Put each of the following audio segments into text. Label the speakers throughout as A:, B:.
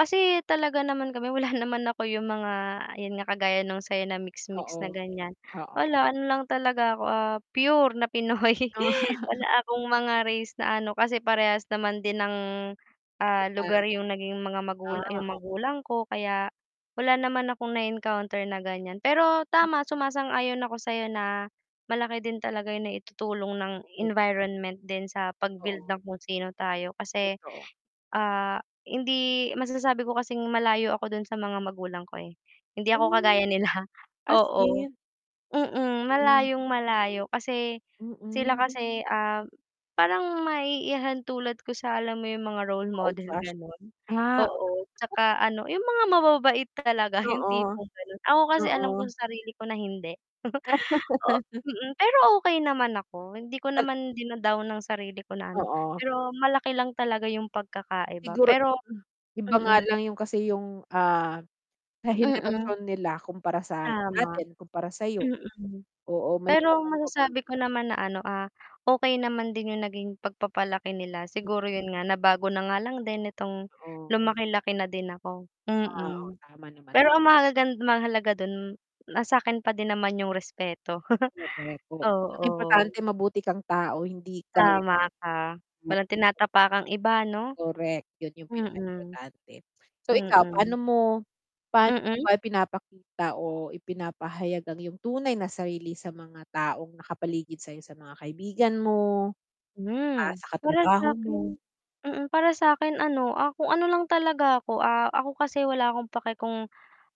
A: Kasi talaga naman kami wala naman ako yung mga 'yun nga kagaya nung sa'yo na
B: Oo,
A: mix-mix na ganyan
B: oo.
A: wala ano lang talaga ako, ah, pure na Pinoy.
B: Oh.
A: Wala akong mga race na ano, kasi parehas naman din ng,
B: 'Di
A: ah,
B: ba?
A: lugar yung naging mga
B: Ah,
A: magulang yung
B: o
A: magulang ko kaya wala naman akong na-encounter na gan'yan. Pero tama sumasang-ayon ako sa'yo na malaki din talaga yung naitutulong ng environment din sa pag-build
B: Oo.
A: ng kung sino tayo kasi,
B: Totoo.
A: ah, hindi masasabi ko kasing malayo ako do'n sa mga magulang ko, eh. Hindi ako
B: Oh!
A: kagaya nila,
B: As
A: oo,
B: in?
A: mm,
B: Hmm.
A: malayong-malayo kasi sila
B: Mm.
A: kasi, ah, parang maiihalintulad ko sa alam mo yung mga role
B: Mga old
A: model
B: fast.
A: gano'n?
B: Ah.
A: Oo, 'tsaka ano, yung mga mababait talaga yung
B: Oo.
A: tipong gano'n, ako kasi alam ko
B: Oo.
A: sarili ko na hindi. Oo, mm, pero okey naman ako, hindi ko
B: Nag
A: naman dina-down ang sarili ko na ano,
B: Oo.
A: pero malaki lang talaga yung pagkakaiba
B: Siguro
A: pero
B: hmm, iba nga
A: Mm.
B: lang yung kasi yung, ah, sa
A: Mm.
B: henerasyon nila kumpara sa
A: Tama.
B: atin, kumpara sa'yo.
A: Mm,
B: Oo may mga
A: pero
B: pagbabago din
A: masasabi ko naman na ano, ah, okey naman din yung naging pagpapalaki nila.
B: M
A: Siguro 'yun nga nabago na nga lang din nitong
B: Totoo.
A: lumaki-laki na din ako.
B: Ah, oo,
A: Mm,
B: tama naman.
A: pero ang mahalagan mahalaga do'n, na sa'kin pa din naman yung respeto.
B: [unintelligible] ang
A: Oo.
B: importante mabuti kang tao hindi ka
A: Tama ka, walang
B: [unintelligible]
A: tinatapakang iba 'no?
B: Correct 'yun yung
A: Mm.
B: pinaka-importante. So, ikaw paano
A: Mm.
B: mo paano mo
A: Mm.
B: ba ipinapakita o ipinapahayag ang yung tunay na sarili sa mga taong nakapaligid sa'yo sa mga kaibigan mo, ah,
A: Hmm.
B: sa
A: Para
B: katrabaho mo?
A: sa'kin mm, para sa'kin ano, ah, kung ano lang talaga ako. Ah, ako kasi wala akong pake kung,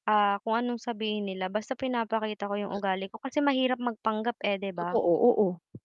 A: ah, kung anong sabihin nila basta pinapakita ko yung
B: M
A: ugali ko kasi mahirap magpanggap eh, 'di
B: Totoo,
A: ba?
B: oo.